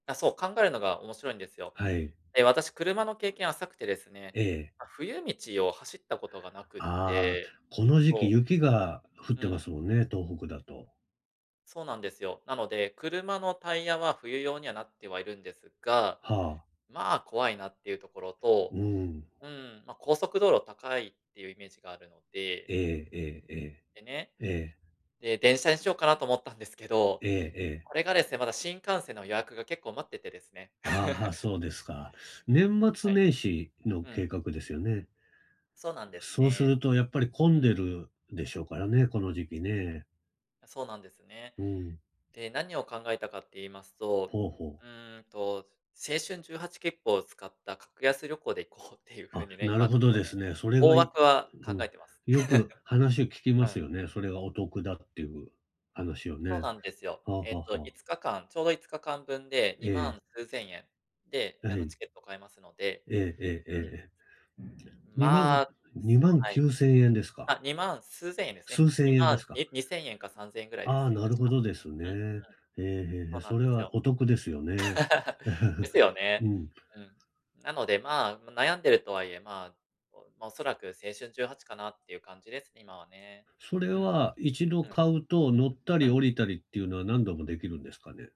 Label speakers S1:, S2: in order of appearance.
S1: あ、そう。考えるのが面白いんですよ。
S2: はい。
S1: ええ、私車の経験浅くてですね。
S2: ええ。
S1: ま、冬道を走ったことがなくっ
S2: ああ、
S1: て。
S2: この時
S1: そ
S2: 期
S1: う。
S2: 雪が降っ
S1: う
S2: てま
S1: ん。
S2: すもんね、東北だと。
S1: そうなんですよ。なので、車のタイヤは冬用にはなってはいるんですが、
S2: はあ。
S1: まあ怖いなっていうところと、
S2: うーん。
S1: うーん、まあ、高速道路高いっていうイメージがあるので
S2: えええええ
S1: でね。
S2: え、ええ。
S1: で、電車にしようかなと思ったんですけど、
S2: ええええ。
S1: これがですね、まだ新幹線の予約が結構待っててですね。
S2: ああ、は、そうですか。年
S1: は
S2: 末
S1: い。
S2: 年始の
S1: うん。
S2: 計画ですよね？
S1: そうなんです
S2: そうす
S1: ね。
S2: るとやっぱり混ん
S1: うん。
S2: でるでしょうからね、この時期ね。
S1: あ、そうなんですね。
S2: うん。
S1: で、何を考えたかって言いますと。
S2: ほうほう。
S1: うーんと、青春18きっぷを使った格安旅行で行こうっていうふう
S2: あ、
S1: にね、
S2: なる
S1: 今ち
S2: ほ
S1: ょっ
S2: ど
S1: と
S2: で
S1: ね。
S2: すね。それ
S1: 大
S2: がい
S1: 枠は
S2: う
S1: 考
S2: ん。
S1: えてます。
S2: よく話聞 き
S1: う
S2: ます
S1: ん。
S2: よね。それがお得だっていう話を
S1: そう
S2: ね。
S1: なんですよ。
S2: はあは
S1: えっと
S2: あは
S1: い
S2: あ。
S1: つかかん、ちょうど5日間分で
S2: え
S1: にま
S2: え。
S1: ん数千円。で、
S2: あ、
S1: あ
S2: は
S1: の、
S2: い。
S1: チケット買えますので。
S2: えええええ
S1: うん。
S2: えええ。にまん
S1: まあ。
S2: に
S1: す
S2: まん
S1: は
S2: き
S1: い。
S2: ゅうせんえんですか？
S1: あ、2万数千円ですね。
S2: 数
S1: に
S2: 千円
S1: ま
S2: で
S1: ん
S2: すか？
S1: ににせんえんか3000円ぐらいで
S2: あ
S1: す
S2: あ、
S1: ね、
S2: なる
S1: 確
S2: ほ
S1: か。
S2: どです
S1: うんうん。
S2: ね。ええ、へえへ
S1: そ
S2: え。
S1: うな
S2: そ
S1: ん
S2: れ
S1: です
S2: は
S1: よ。
S2: お得ですよね。
S1: ですよ
S2: う
S1: ね。
S2: ん。
S1: うん。なので、まあ、悩んでるとはいえ、まあ。おま、おそらく青春18かなっていう感じです、今はね。
S2: そ
S1: う
S2: れ
S1: ん、
S2: は1度
S1: うん。
S2: 買うと乗った
S1: う
S2: り
S1: ん。
S2: 降りたりっていうのは何度もできるんですかね？